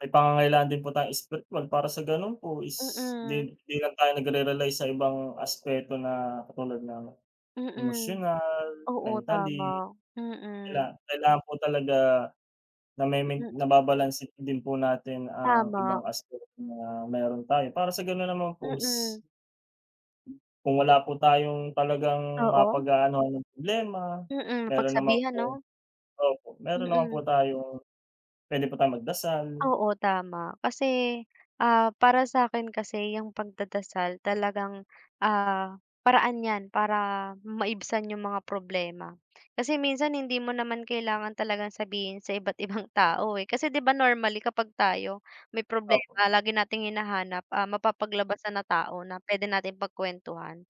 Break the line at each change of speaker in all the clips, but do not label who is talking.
May pangangailangan din po tayong espiritwal, para sa gano'n po is di
Mm.
hindi lang tayo nagre-rely sa ibang aspeto na katulad ng
Mm.
emosyonal,
Oo,
mentally.
tama.
Kaila
Mm.
kailangan po talaga nama-main
Ayan.
nababalanse na din po natin ang
Tama.
ibang aspeto na meron tayo, para sa gano'n naman pos
Oo.
Kung wala po tayong talagang
Oo.
mapag-aanuhan ng problema,
Mm,
meron naman
mapagsabihan
pong
'no?
opo, meron naman po
Mm.
tayong puwede po tayong magdasal.
Oo, tama, kasi, ah, para sa'kin kasi, 'yung pagdadasal talagang, ah, paraan 'yan para maibsan 'yung mga problema. Kasi minsan hindi mo naman kailangan talagang sabihin sa iba't ibang tao, eh. Kasi 'di ba, normally kapag tayo may
Opo.
problema, lagi nating hinahanap, ah, mapapaglabasan na tao na puwede nating pagkuwentuhan.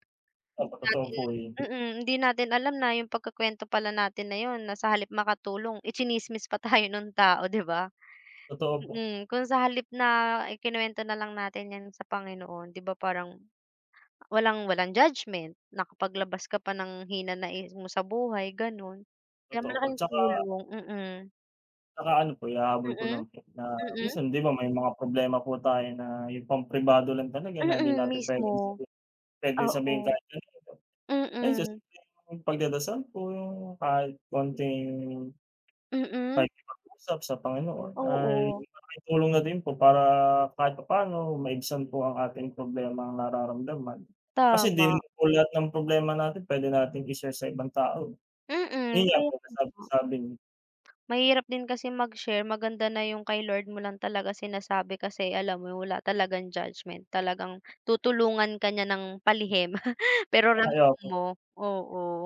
Opo, totoo
Dahil
po 'yun.
mm, hindi natin alam na 'yung pagkukuwento pala natin na 'yon, na sa halip makatulong, itsinismis pa tayo nung tao, 'di ba?
Totoo po.
Mm, kung sa halip na ikinuwento na lang natin 'yan sa Panginoon, 'di ba parang walang walang judgment, nakapaglabas ka pa ng hinanaing mo sa buhay, gano'n. Kaya
Totoo po,
malaking
tsaka
tulong mm.
Tsaka ano po, ihahabol ko
Mm?
lang po na
Mm?
minsan 'di ba may mga problema po tayo na 'yung pampribado lang talaga na hindi
Mm,
natin puwedeng
mismo.
sabi pwedeng sabihin
Oo.
kahit kanino. Ayon sa
Mm.
simpleng pagdadasal po, 'yung kahit kaunting
Mm.
pakikipag-usap sa Panginoon, ay
Oo.
malaking tulong na din po para kahit papaano maibsan po ang ating problemang nararamdaman. Kasi di rin
Tama.
naman po lahat ng problema natin puwede nating i-share sa ibang tao.
Mm,
Yun nga
kaya
po,
ko nga.
kasabi-sabing
Mahirap din kasi mag-share, maganda na 'yung kay Lord mo lang talaga sinasabi kasi alam mo, wala talagang judgment. Talagang tutulungan ka niya ng palihim, pero
Ay,
ramdam
opo.
mo, oo.